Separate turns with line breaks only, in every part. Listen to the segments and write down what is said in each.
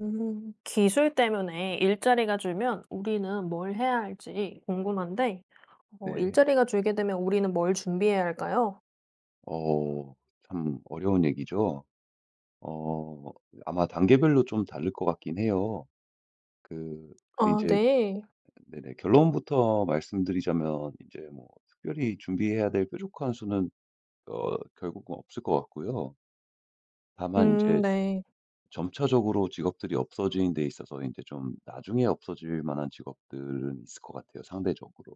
음 기술 때문에 일자리가 줄면 우리는 뭘 해야 할지 궁금한데 어
네.
일자리가 줄게 되면 우리는 뭘 준비해야 할까요?
어 참 어려운 얘기죠. 어 아마 단계별로 좀 다를 것 같긴 해요. 그 그
아
이제
네.
네네 결론부터 말씀드리자면 이제 뭐 특별히 준비해야 될 뾰족한 수는 어 결국은 없을 것 같고요. 다만 이제
음 네.
점차적으로 직업들이 없어지는 데 있어서 이제 좀 나중에 없어질 만한 직업들은 있을 것 같아요 상대적으로.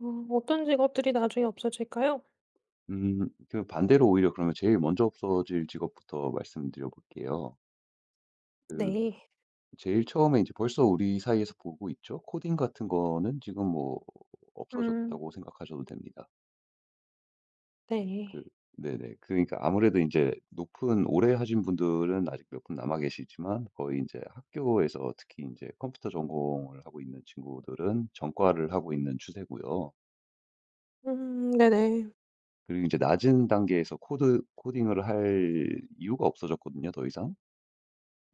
어 어떤 직업들이 나중에 없어질까요?
음 그 반대로 오히려 그러면 제일 먼저 없어질 직업부터 말씀드려볼게요. 그
네.
제일 처음에 이제 벌써 우리 사이에서 보고 있죠. 코딩 같은 거는 지금 뭐
음.
없어졌다고 생각하셔도 됩니다. 그
네.
네네. 그러니까 아무래도 인제 높은 오래 하신 분들은 아직 몇 분 남아 계시지만 거의 인제 학교에서 특히 인제 컴퓨터 전공을 하고 있는 친구들은 전과를 하고 있는 추세고요.
음 네네.
그리고 인제 낮은 단계에서 코드 코딩을 할 이유가 없어졌거든요 더 이상.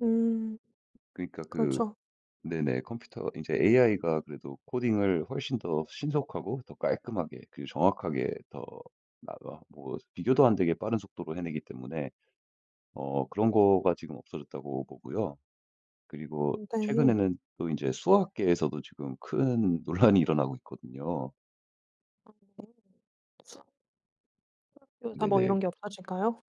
음
그니까 그
그렇죠.
네네 컴퓨터 인제 AI가 그래도 코딩을 훨씬 더 신속하고 더 깔끔하게 그리고 정확하게 더 나 어 뭐 비교도 안되게 빠른 속도로 해내기 때문에 어 그런 거가 지금 없어졌다고 보고요. 그리고
네.
최근에는 또 인제 수학계에서도 지금 큰 논란이 일어나고 있거든요.
[unintelligible] 수학 수학 교사 뭐
네네.
이런 게 없어질까요?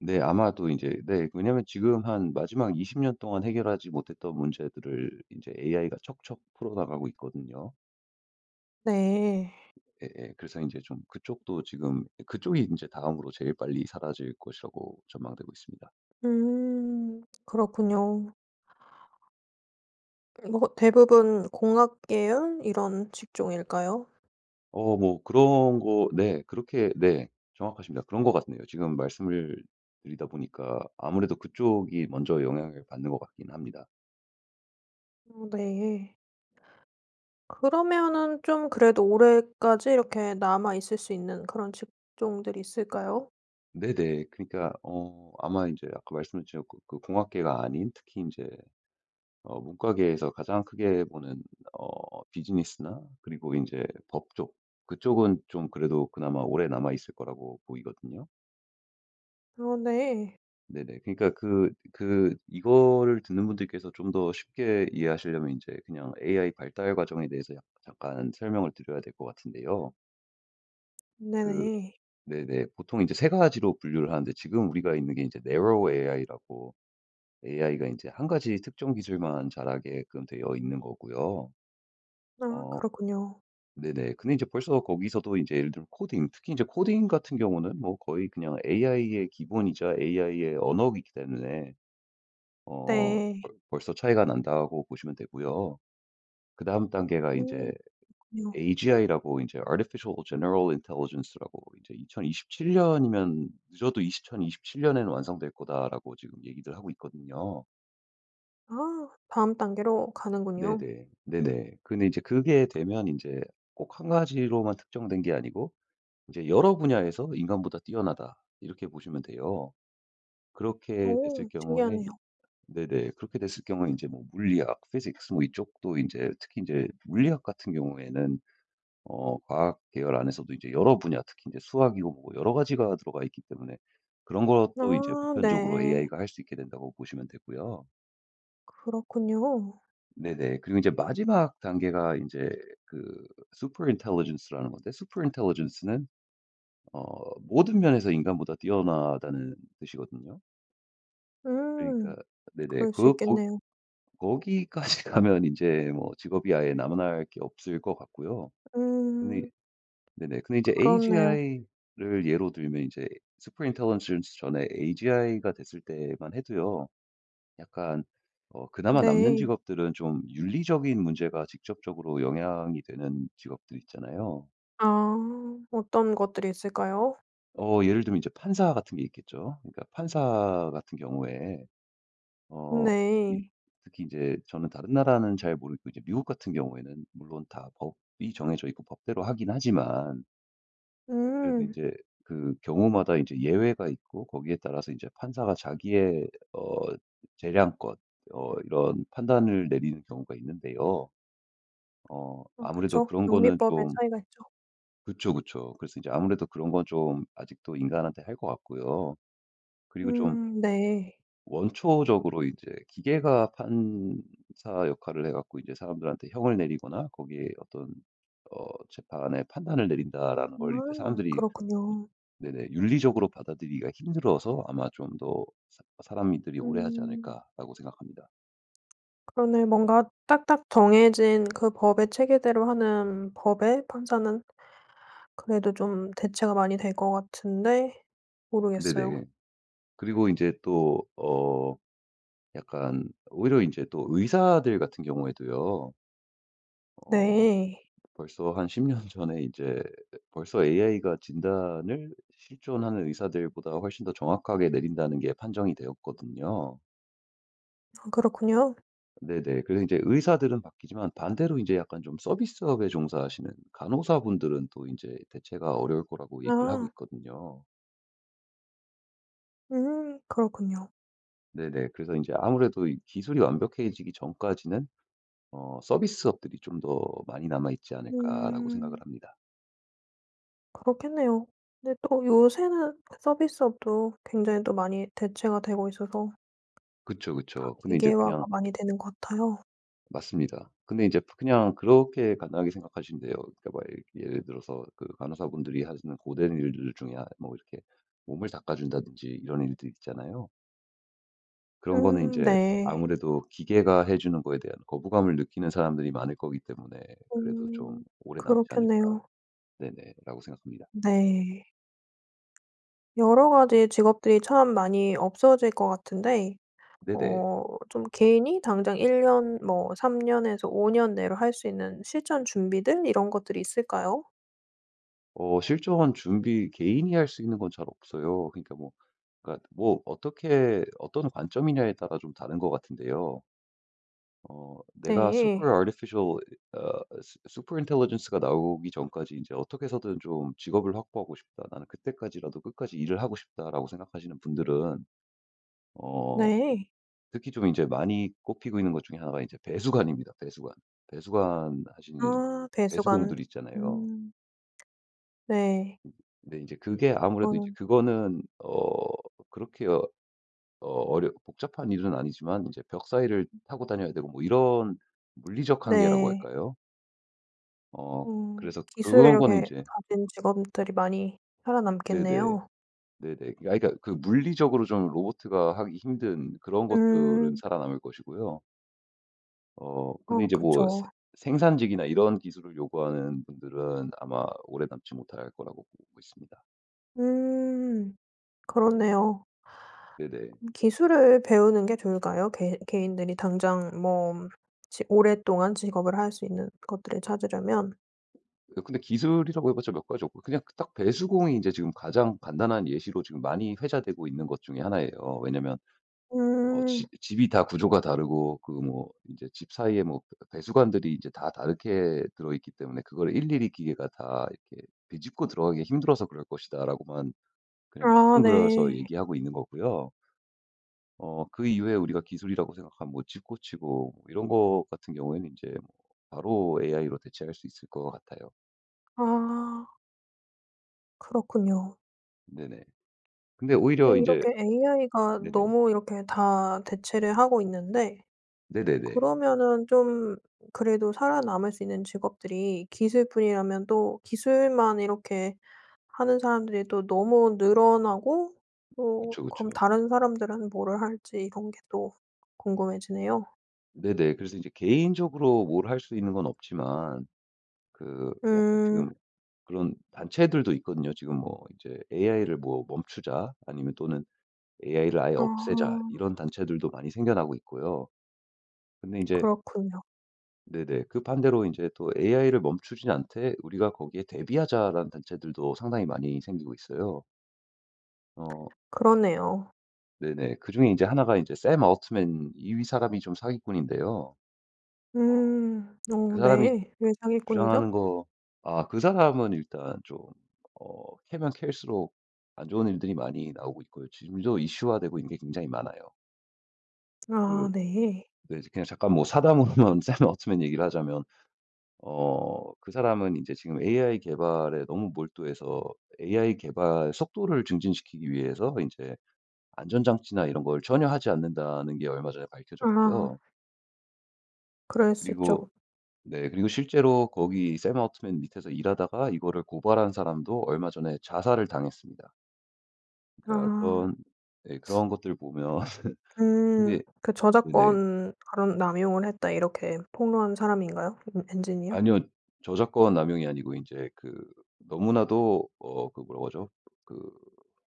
네 아마도 인제 네 왜냐하면 지금 한 마지막 20 년 동안 해결하지 못했던 문제들을 인제 AI가 척척 풀어나가고 있거든요.
네.
예예. 그래서 인제 좀 그쪽도 지금 이 그쪽이 인제 다음으로 제일 빨리 사라질 것이라고 전망되고 있습니다.
음 그렇군요. 뭐 대부분 공학 계열 이런 직종일까요?
어 뭐 그런 거 네 그렇게 네 정확하십니다. 그런 것 같네요. 지금 말씀을 드리다 보니까 아무래도 그쪽이 먼저 영향을 받는 것 같긴 합니다.
어 네. 그러면은 좀 그래도 오래까지 이렇게 남아있을 수 있는 그런 직종들이 있을까요?
네네. 그러니까 어 아마 인제 아까 말씀해 주셨고 그 공학계가 아닌 특히 인제 어 문과계에서 가장 크게 보는 어 비즈니스나 그리고 인제 법 쪽 그쪽은 좀 그래도 그나마 오래 남아있을 거라고 보이거든요.
아 네.
네네. 그러니까 그 그 이거를 듣는 분들께서 좀 더 쉽게 이해하시려면 인제 그냥 AI 발달 과정에 대해서 약 잠깐 설명을 드려야 될 것 같은데요. 그
네네.
네네. 보통 이제 3 가지로 분류를 하는데 지금 우리가 있는 게 이제 Narrow AI라고 AI가 인제 1 가지 특정 기술만 자라게끔 되어 있는 거고요.
아
어
그렇군요.
네네 근데 이제 벌써 거기서도 이제 예를 들면 코딩 특히 이제 코딩 같은 경우는 뭐 거의 그냥 AI의 기본이자 AI의 언어이기 때문에 어
네.
벌 벌써 차이가 난다고 보시면 되고요. 그다음 단계가
음
이제
그렇군요.
AGI라고 이제 Artificial general intelligence라고 이제 2027 년이면 "늦어도 2027 년에는 완성될 거다."라고 지금 얘기를 하고 있거든요.
아 다음 단계로 가는군요.
네네. 네네. 그런데 인제 그게 되면 인제 꼭 1 가지로만 특정된 게 아니고 인제 '여러 분야에서 인간보다 뛰어나다.' 이렇게 보시면 돼요. 그렇게 됐을
오
경우에 이
신기하네요.
네네 그렇게 됐을 경우에 인제 뭐 물리학, physics 뭐 이쪽도 인제 특히 인제 물리학 같은 경우에는 어 과학 계열 안에서도 이제 여러 분야 특히 인제 수학이고 뭐고 여러 가지가 들어가 있기 때문에 그런 것도 이제
아
보편적으로
네.
AI가 할 수 있게 된다고 보시면 되고요.
그렇군요.
네네. 그리고 인제 마지막 단계가 인제 그 super intelligence라는 건데 super intelligence는 어 모든 면에서 인간보다 뛰어나다는 뜻이거든요. 그러니까
음
네네.
그럴 수
그거 거
있겠네요.
거기까지 가면 인제 뭐 직업이 아예 남아날 게 없을 것 같고요. 근데 이
음.
네네. 근데 이제
그렇네요.
AGI를 예로 들면 인제 super intelligence 전에 AGI가 됐을 때만 해도요 약간 어 그나마 남는
네.
직업들은 좀 윤리적인 문제가 직접적으로 영향이 되는 직업들 있잖아요.
아 어떤 것들이 있을까요?
어 예를 들면 이제 판사 같은 게 있겠죠. 그러니까 판사 같은 경우에 어 이
네.
특히 이제 저는 다른 나라는 잘 모르겠고 이제 미국 같은 경우에는 물론 다 법이 정해져 있고 법대로 하긴 하지만 그래도
음.
인제 그 경우마다 이제 예외가 있고 거기에 따라서 이제 판사가 자기의 어 재량권 어 이런 판단을 내리는 경우가 있는데요. 어
아
아무래도
그쵸.
그런 거는
영미법에
좀
차이가 있죠.
그쵸, 그쵸. 그래서 이제 아무래도 그런 건 좀 아직도 인간한테 할 것 같고요. 그리고 좀
음 네.
원초적으로 이제 기계가 판사 역할을 해 갖고 이제 사람들한테 형을 내리거나 거기에 어떤 어 '재판의 판단을 내린다.'라는
아
걸 이제 사람들이 이
그렇군요.
네네 윤리적으로 받아들이기가 힘들어서 아마 좀 더 사 '사람이 들이 오래 하지
음.
않을까.'라고 생각합니다.
그러네요. 뭔가 딱딱 정해진 그 법의 체계대로 하는 법의 판사는 그래도 좀 대체가 많이 될 것 같은데 모르겠어요.
네네. 그리고 인제 또 어 약간 오히려 이제 또 의사들 같은 경우에도요. 어 뭐
네.
벌써 한 10 년 전에 이제 벌써 AI가 진단을 실존하는 의사들보다 훨씬 더 정확하게 내린다는 게 판정이 되었거든요.
아 그렇군요.
네네. 그래서 인제 의사들은 바뀌지만 반대로 이제 약간 좀 서비스업에 종사하시는 간호사분들은 또 인제 대체가 어려울 거라고 얘기를 하고
아.
있거든요.
음 그렇군요.
네네. 그래서 인제 아무래도 이 기술이 완벽해지기 전까지는 어 '서비스업들이 좀 더 많이 남아있지 않을까.'라고 생각을
음.
합니다.
그렇겠네요. 근데 또 요새는 서비스업도 굉장히 또 많이 대체가 되고 있어서
그쵸,
다
그쵸. 근데 이제
기계화가
그냥
많이 되는 것 같아요.
맞습니다. 근데 이제 그냥 그렇게 간단하게 생각하시면 돼요. 그니까 뭐 예를 들어서 그 간호사분들이 하시는 고된 일들 중에 하 뭐 이렇게 몸을 닦아 준다든지 이런 일들이 있잖아요. 그런 거는
음
인제
네.
아무래도 기계가 해 주는 거에 대한 거부감을 느끼는 사람들이 많을 거기 때문에 그래도 '좀
음
오래 남지 않을까'
그렇겠네요.
네네 라고 생각합니다.
네. 여러 가지 직업들이 참 많이 없어질 것 같은데 어
네네.
좀 개인이 당장 1 년 뭐 3 년에서 5 년 내로 할 수 있는 실천 준비들 이런 것들이 있을까요?
어 실전 준비 개인이 할 수 있는 건 잘 없어요. 그러니까 뭐 그니까 뭐 어떻게 어떤 관점이냐에 따라 좀 다른 것 같은데요. 어 '내가 super
네.
artificial 이 어 su super intelligence가 나오기 전까지 이제 어떻게 해서든 좀 직업을 확보하고 싶다. 나는 그때까지라도 끝까지 일을 하고 싶다.'라고 생각하시는 분들은 어
네.
특히 좀 인제 많이 꼽히고 있는 것 중에 1 가 이제 배수관입니다, 배수관. 배수관하시는 이
아 배수관.
배수공들 있잖아요.
음. 네.
네. 인제 그게 아무래도 이제
그거는
그거는 어 그렇게 어 어렵 복잡한 일은 아니지만 이제 벽 사이를
음.
타고 다녀야 되고 뭐 이런 물리적 한계라고
네.
할까요? 어
음.
그래서
기술을
그런 거는
이렇게
이제
가진 직업들이 많이
네네.
살아남겠네요.
네네. 아 그러니까 그 물리적으로 좀 로보트가 하기 힘든 그런 것들은
음.
살아남을 것이고요. 어 근데
어
이제 뭐
그쵸.
생 생산직이나 이런 기술을 요구하는 분들은 아마 오래 남지 못할 거라고 보고 있습니다.
음. 그렇네요.
네네.
기술을 배우는 게 좋을까요? 개 개인들이 당장 뭐 지 오랫동안 직업을 할 수 있는 것들을 찾으려면?
어 근데 기술이라고 해 봤자 몇 가지 없고 그냥 그 딱 배수공이 인제 지금 가장 간단한 예시로 지금 많이 회자되고 있는 것 중에 1 예요. 왜냐하면 어 지
음.
집이 다 구조가 다르고 그 뭐 이제 집 사이에 뭐 그 "배수관들이 이제 다 다르게 들어있기 때문에 그거를 일일이 기계가 다 이렇게 비집고 들어가기가 힘들어서 그럴 것이다."라고만 그냥
아
뭉뚱그려서
네.
얘기하고 있는 거고요. 어 그 이후에 우리가 기술이라고 생각하면 뭐 집 고치고 뭐 이런 것 같은 경우에는 인제 뭐 바로 AI로 대체할 수 있을 것 같아요.
아. 그렇군요.
네네. 근데
또
오히려 인제
이렇게
아
AI가
네네.
너무 이렇게 다 대체를 하고 있는데
네네네.
그러면은 좀 그래도 살아남을 수 있는 직업들이 기술뿐이라면 또 기술만 이렇게 하는 사람들이 또 너무 늘어나고 또
그쵸,
그럼
그쵸.
다른 사람들은 뭐를 할지 이런 게 또 궁금해지네요.
네네. 그래서 이제 개인적으로 뭘 할 수 있는 건 없지만 그 약간 지금
음.
그런 단체들도 있거든요. 지금 뭐 이제 "AI를 뭐 멈추자." 아니면 또는 "AI를 아예 없애자."
어.
이런 단체들도 많이 생겨나고 있고요. 근데 이제
그렇군요.
네네. 그 반대로 이제 또 "AI를 멈추진 않되 우리가 거기에 대비하자."라는 단체들도 상당히 많이 생기고 있어요. 어.
그러네요.
네네. 그중에 이제 1 가 이제 샘 올트먼 이 이 사람이 좀 사기꾼인데요. 어
음.
그
어
사람이
네. 왜 사기꾼이죠?
주장하는 거 아 그 사람은 일단 좀 어 캐면 캘수록 안 좋은 일들이 많이 나오고 있고요. 지금도 이슈화되고 있는 게 굉장히 많아요. 그
아 네.
네 그냥 잠깐 뭐 사담으로만 샘 올트먼 얘기를 하자면 어 그 사람은 이제 지금 AI 개발에 너무 몰두해서 AI 개발 속도를 증진시키기 위해서 인제 안전장치나 이런 걸 전혀 하지 않는다는 게 얼마 전에
아.
밝혀졌고요.
그럴 수
그리고
있죠.
네 그리고 실제로 거기 샘 올트먼 밑에서 일하다가 이거를 고발한 사람도 얼마 전에 자살을 당했습니다. 그러니까
아.
그런 예 그런 것들을 보면
음
근데
그
네네.
"저작권 발언 남용을 했다." 이렇게 폭로한 사람인가요? 음 엔지니어?
아니요. 저작권 남용이 아니고 인제 그 너무나도 어 그거 그 뭐라 그러죠? 그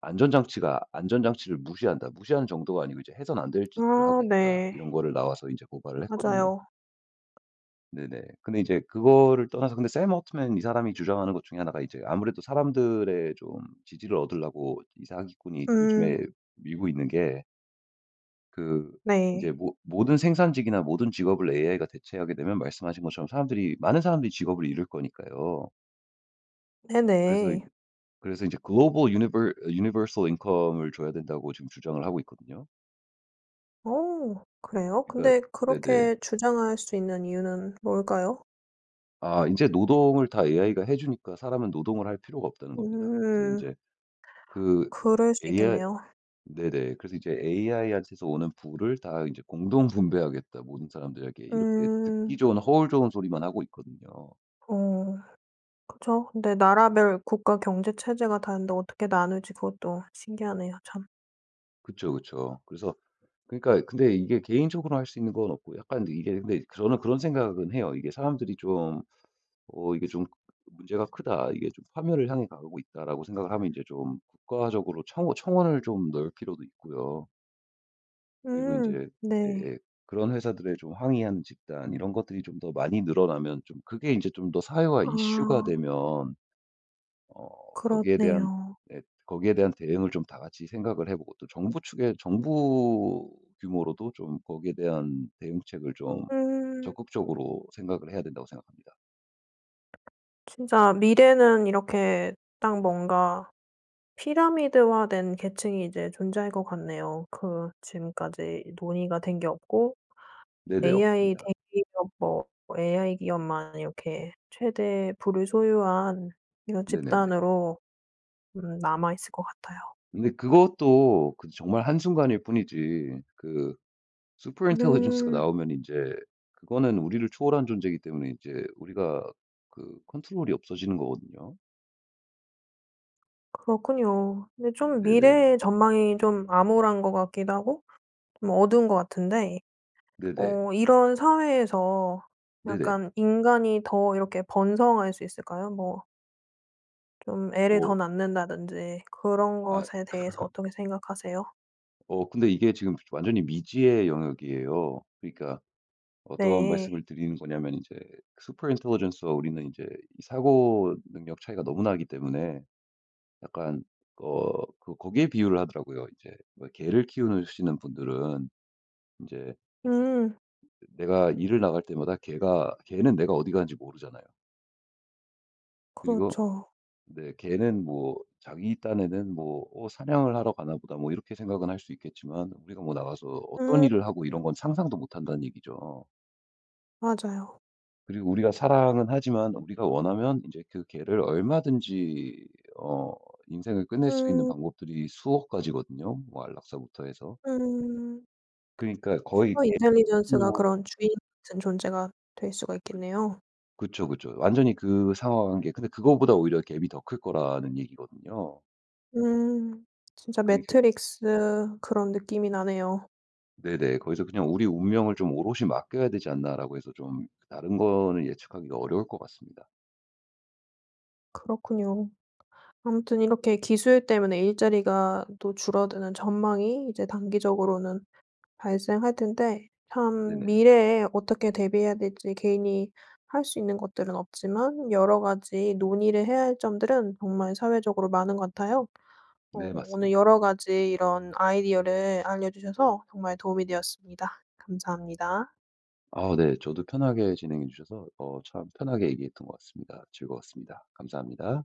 안전장치가 "안전장치를 무시한다." 무시하는 정도가 아니고 이제 "해서는 안 될 짓들을 하고
아
있다."
네.
이런 거를 나와서 인제 고발을 했거든요.
맞아요.
네네. 근데 이제 그거를 떠나서 근데 샘 올트먼 이 사람이 주장하는 것 중에 1 가 이제 아무래도 사람들의 좀 지지를 얻으려고 이 사기꾼이 요즘에
음.
밀고 있는 게 그
네.
인제 모 모든 생산직이나 모든 직업을 AI가 대체하게 되면 말씀하신 것처럼 사람들이 많은 사람들이 직업을 잃을 거니까요. 그래서 이
네네.
그래서 인제 Global Univer Universal Income을 줘야 된다고 지금 주장을 하고 있거든요.
어 그래요?
그러니까
근데
네네.
그렇게 주장할 수 있는 이유는 뭘까요?
아 인제 노동을 다 AI가 해 주니까 사람은 노동을 할 필요가 없다는 겁니다. 그래서
음.
인제 그
그럴 수
AI
있겠네요.
네네. 그래서 이제 "AI한테서 오는 부를 다 이제 공동 분배하겠다, 모든 사람들에게." 이렇게 듣기
음.
좋은 허울 좋은 소리만 하고 있거든요.
어 그쵸. 근데 나라별 국가 경제 체제가 다른데 어떻게 나눌지 그것도 신기하네요, 참.
그쵸, 그쵸. 그래서 그러니까 근데 이게 개인적으로 할 수 있는 건 없고 약간 이게 근데 저는 그런 생각은 해요. 이게 사람들이 좀 '어 이게 좀 문제가 크다. 이게 좀 파멸을 향해 가고 있다.'라고 생각을 하면 이제 좀 국가적으로 청 청원을 좀 넣을 필요도 있고요. 그리고
음.
인제
네.
예예 그런 회사들에 좀 항의하는 집단 이런 것들이 좀 더 많이 늘어나면 좀 그게 인제 좀 더 사회화
아.
이슈가 되면 어 거기에 대한
그렇네요.
네 거기에 대한 대응을 좀 다 같이 생각을 해 보고 또 정부 측에 정부 규모로도 좀 거기에 대한 대응책을 좀
음.
적극적으로 생각을 해야 된다고 생각합니다.
진짜 미래는 이렇게 딱 뭔가 피라미드화된 계층이 이제 존재할 것 같네요. 그 지금까지 논의가 된 게 없고
네네.
AI
없습니다.
대기업 뭐 AI 기업만 이렇게 최대 부를 소유한 이런
네네네.
집단으로 음 남아있을 것 같아요.
근데 그것도 그 정말 한순간일 뿐이지 그 super intelligence가
음.
나오면 인제 그거는 우리를 초월한 존재이기 때문에 인제 우리가 그 control이 없어지는 거거든요.
그렇군요. 근데 좀
네네.
미래의 전망이 좀 암울한 것 같기도 하고 좀 어두운 것 같은데
네네.
어 이런 사회에서
네네.
약간 인간이 더 이렇게 번성할 수 있을까요? 뭐 좀 애를
뭐.
더 낳는다든지 그런
아.
것에 대해서 어떻게 생각하세요?
어 근데 이게 지금 완전히 미지의 영역이에요. 그러니까 어떤
네.
말씀을 드리는 거냐면 이제 super intelligence와 우리는 인제 사고능력 차이가 너무 나기 때문에 약간 어 그 거기에 비유를 하더라고요. 이제 개를 키우느 시는 분들은 인제
음.
내가 일을 나갈 때마다 걔가 걔는 내가 어디 가는지 모르잖아요. 그리고
그렇죠.
네 걔는 뭐 자기 딴에는 뭐 어 '사냥을 하러 가나 보다.' 뭐 이렇게 생각은 할 수 있겠지만 우리가 뭐 나가서 어떤
음
일을 하고
음.
이런 건 상상도 못 한다는 얘기죠.
맞아요.
그리고 우리가 사랑은 하지만 우리가 원하면 이제 그 개를 얼마든지 어 인생을 끝낼 수 있는
음.
방법들이 수억 가지거든요 뭐 안락사부터 해서.
음.
그러니까 거의
super intelligence 가
[unintelligible]
그런 주인 같은 존재가 될 수가
그
있겠네요.
그쵸, 그쵸. 완전히 그 상하 관계. 근데 그거보다 오히려 gap이 더 클 거라는 얘기거든요.
음. 진짜
그래서
매트릭스 그런 느낌이 나네요.
네네. 거기서 그냥 '우리 운명을 좀 오롯이 맡겨야 되지 않나.'라고 해서 좀 다른 거는 예측하기가 어려울 것 같습니다.
그렇군요. 아무튼 이렇게 기술 때문에 일자리가 또 줄어드는 전망이 이제 단기적으로는 발생할 텐데 참
네네.
미래에 어떻게 대비해야 될지 개인이 할 수 있는 것들은 없지만 여러 가지 논의를 해야 할 점들은 정말 사회적으로 많은 것 같아요. 어
네.
오늘
맞습니다.
여러 가지 이런 아이디어를 알려 주셔서 정말 도움이 되었습니다. 감사합니다.
아 네. 저도 편하게 진행해 주셔서 어 참 편하게 얘기했던 것 같습니다. 즐거웠습니다. 감사합니다.